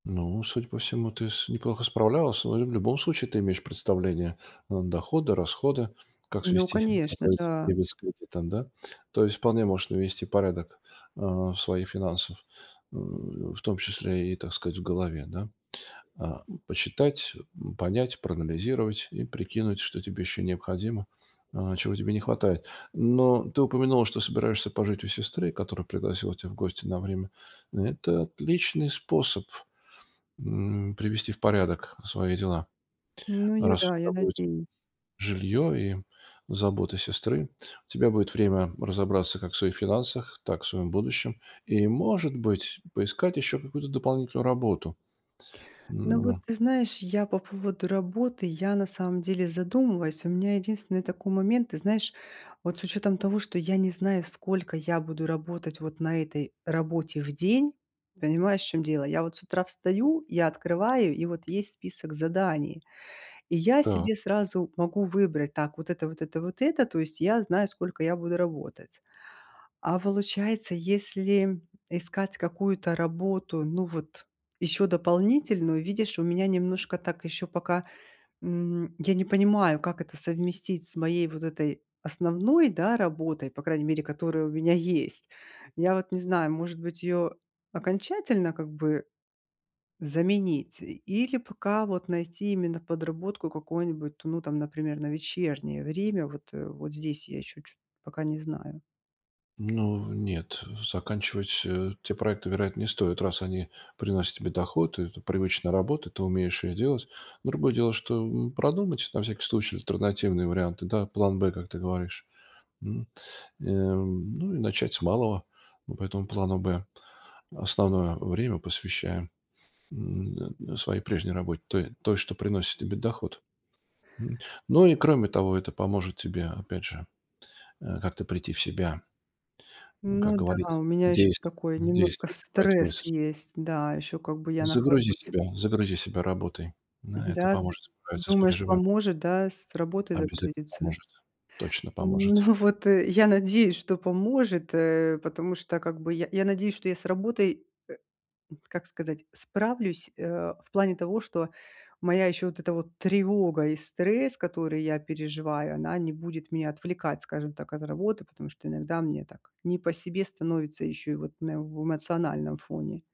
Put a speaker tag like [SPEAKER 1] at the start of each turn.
[SPEAKER 1] Ну, судя по всему, ты с неплохо справлялась. Ну или в любом случае, ты имеешь представление, н доходы, расходы, как
[SPEAKER 2] Ну
[SPEAKER 1] свести как
[SPEAKER 2] конечно,
[SPEAKER 1] говорится
[SPEAKER 2] да.
[SPEAKER 1] дебет с кредитом, да. То есть, вполне можешь навести порядок, а, своих финансов, м, в том числе и, так сказать, в голове да, ам. Почитать, м, понять, проанализировать и прикинуть, что тебе еще необходимо, а чего тебе не хватает. Но ты упомянула, что собираешься пожить у сестры, которая пригласила тебя в гости на время. Это отличный способ, м, привести в порядок свои дела.
[SPEAKER 2] Ну я
[SPEAKER 1] Раз у
[SPEAKER 2] да, я
[SPEAKER 1] тебя будет
[SPEAKER 2] надеюсь.
[SPEAKER 1] жилье и забота сестры, у тебя будет время разобраться как в своих финансах, так и в своем будущем. И, может быть, поискать еще какую-то дополнительную работу. Ну
[SPEAKER 2] Ну
[SPEAKER 1] ну
[SPEAKER 2] вот
[SPEAKER 1] да.
[SPEAKER 2] ты знаешь, я по поводу работы я, на самом деле, задумываюсь. У меня единственный такой момент. Ты знаешь, вот с учётом того, что я не знаю, сколько я буду работать вот на этой работе в день. Понимаешь, в чём дело? Я вот с утра встаю, я открываю и вот есть список заданий. И я
[SPEAKER 1] Так.
[SPEAKER 2] себе сразу могу выбрать: так вот это, вот это, вот это. То есть я знаю сколько я буду работать. А получается, если искать какую-то работу ну вот ещё дополнительную, видишь у меня немножко так ещё пока, м, я не понимаю как это совместить с моей вот этой основной, да, работой, по крайней мере которая у меня есть. Я вот не знаю может быть её окончательно как бы заменить и или пока вот найти именно подработку какую-нибудь, ну там например на вечернее время. Вот, э, вот здесь я ещё чёт пока не знаю.
[SPEAKER 1] Ну, нет, заканчивать, э, те проекты, вероятно, не стоит, раз они приносят тебе доход. Это привычная работа, ты умеешь ее делать. Другое дело, что, м, продумать, на всякий случай, альтернативные варианты, да план Б, как ты говоришь, м. Э, ну и начать с малого по этому плану Б. Основное время посвящаем, м, своей прежней работе той той что приносит тебе доход, м. Ну и кроме того это поможет тебе опять же, э, как-то прийти в себя, м, как
[SPEAKER 2] Ну да, у
[SPEAKER 1] говорится
[SPEAKER 2] меня ещё
[SPEAKER 1] действие
[SPEAKER 2] такой немножко
[SPEAKER 1] действие вызывает
[SPEAKER 2] стресс
[SPEAKER 1] мысль.
[SPEAKER 2] есть. Да, ещё как бы я
[SPEAKER 1] Загрузи
[SPEAKER 2] нахожусь.
[SPEAKER 1] себя загрузи себя работой,
[SPEAKER 2] Мгм,
[SPEAKER 1] да это
[SPEAKER 2] да, ты
[SPEAKER 1] поможет справиться с
[SPEAKER 2] думаешь
[SPEAKER 1] пережива
[SPEAKER 2] поможет, да, с работой
[SPEAKER 1] Обязательно
[SPEAKER 2] загрузиться?
[SPEAKER 1] поможет, точно
[SPEAKER 2] Ну
[SPEAKER 1] поможет.
[SPEAKER 2] вот, э, я надеюсь, что поможет, э, потому что как бы я я надеюсь, что я с работой, э, м, как сказать, справлюсь, э, в плане того, что моя ещё вот эта вот тревога и стресс, которые я переживаю, она не будет меня отвлекать, скажем так, от работы. Потому что иногда мне так не по себе становится ещё и вот именно в эмоциональном фоне.